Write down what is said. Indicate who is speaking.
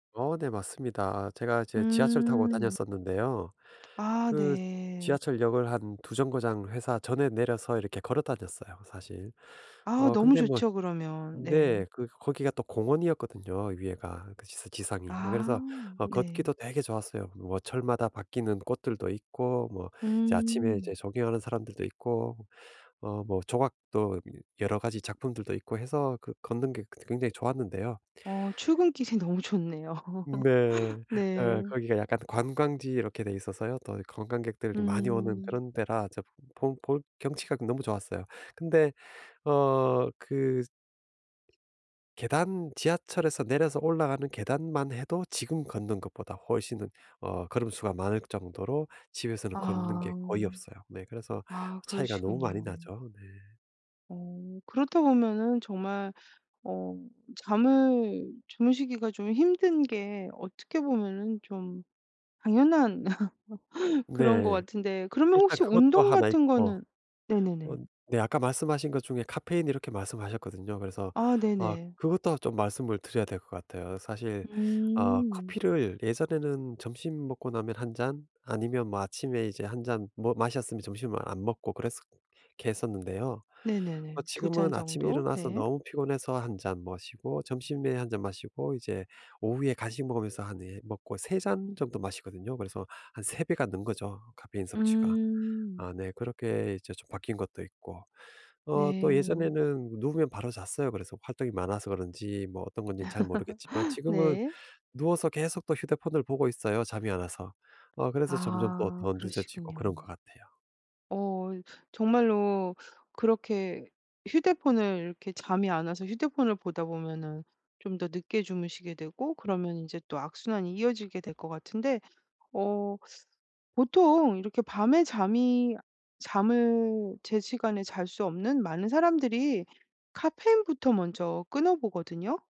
Speaker 1: 어 네 맞습니다. 제가 이제 지하철 타고
Speaker 2: 음.
Speaker 1: 다녔었는데요.
Speaker 2: 아
Speaker 1: 그
Speaker 2: 네.
Speaker 1: 지하철역을 한 2 정거장 회사 전에 내려서 이렇게 걸어 다녔어요 사실.
Speaker 2: 아
Speaker 1: 어
Speaker 2: 너무
Speaker 1: 근데 뭐
Speaker 2: 좋죠 그러면. 네.
Speaker 1: 네. 그 거기가 또 공원이었거든요 위에가. 그 지상 지상이. 예 그래서
Speaker 2: 아
Speaker 1: 어
Speaker 2: 네.
Speaker 1: 걷기도 되게 좋았어요. 뭐 철마다 바뀌는 꽃들도 있고 뭐 이제 아침에 이제
Speaker 2: 음.
Speaker 1: 조깅하는 사람들도 있고 어 뭐 조각도 여 여러 가지 작품들도 있고 해서 그 걷는 게 그 굉장히 좋았는데요.
Speaker 2: 어. 출근 길이 너무 좋네요.
Speaker 1: 네. 어
Speaker 2: 네.
Speaker 1: 거기가 약간 관광지 이렇게 돼 있어서요. 또 관광객들이 많이 오는
Speaker 2: 음.
Speaker 1: 그런 데라 저 보 볼 경치가 너무 좋았어요. 근데 어 그 계단 지하철에서 내려서 올라가는 계단만 해도 지금 걷는 것보다 훨씬 더 어 걸음 수가 많을 정도로 집에서는 걷는 게
Speaker 2: 아.
Speaker 1: 거의 없어요. 네 그래서
Speaker 2: 아
Speaker 1: 차이가 너무 많이
Speaker 2: 그러시군요.
Speaker 1: 나죠. 네.
Speaker 2: 어. 그렇다 보면은 정말 어 잠을 주무시기가 좀 힘든 게 어떻게 보면은 좀 당연한 그런 거
Speaker 1: 네.
Speaker 2: 같은데 그러면
Speaker 1: 일단
Speaker 2: 혹시
Speaker 1: 그것도
Speaker 2: 운동
Speaker 1: 하나
Speaker 2: 같은
Speaker 1: 있고.
Speaker 2: 거는
Speaker 1: 어
Speaker 2: 네네네.
Speaker 1: 네 아까 말씀하신 것 중에 카페인 이렇게 말씀하셨거든요. 그래서
Speaker 2: 아
Speaker 1: 아
Speaker 2: 네네.
Speaker 1: 그것도 좀 말씀을 드려야 될 것 같아요. 사실 어
Speaker 2: 음.
Speaker 1: 커피를 예전에는 점심 먹고 나면 1 잔 아니면 뭐 아침에 이제 1 잔 뭐 마셨으면 점심을 안 먹고 그랬었 게 했었는데요. 어
Speaker 2: 네네네. 2 잔
Speaker 1: 지금은 아침에
Speaker 2: 정도.
Speaker 1: 일어나서
Speaker 2: 네.
Speaker 1: 너무 피곤해서 1 잔 마시고 점심에 1 잔 마시고 이제 오후에 간식 먹으면서 하 네 먹고 3 잔 정도 마시거든요. 그래서 한 3 배가 는 거죠 카페인 섭취가.
Speaker 2: 음.
Speaker 1: 아 네 그렇게 이제 좀 바뀐 것도 있고. 어 또
Speaker 2: 네.
Speaker 1: 예전에는 누우면 바로 잤어요. 그래서 활동이 많아서 그런지 뭐 어떤 건지는 잘 모르겠지만 지금은
Speaker 2: 네.
Speaker 1: 누워서 계속 또 휴대폰을 보고 있어요 잠이 안 와서. 어 그래서 점점 더
Speaker 2: 아
Speaker 1: 늦어지고
Speaker 2: 그러시군요.
Speaker 1: 그런 것 같아요.
Speaker 2: 어 정말로 그렇게 휴대폰을 이렇게 잠이 안 와서 휴대폰을 보다 보면은 좀 더 늦게 주무시게 되고 그러면 이제 또 악순환이 이어지게 될 것 같은데 어 보통 이렇게 밤에 잠이 잠을 제시간에 잘 수 없는 많은 사람들이 카페인부터 먼저 끊어보거든요.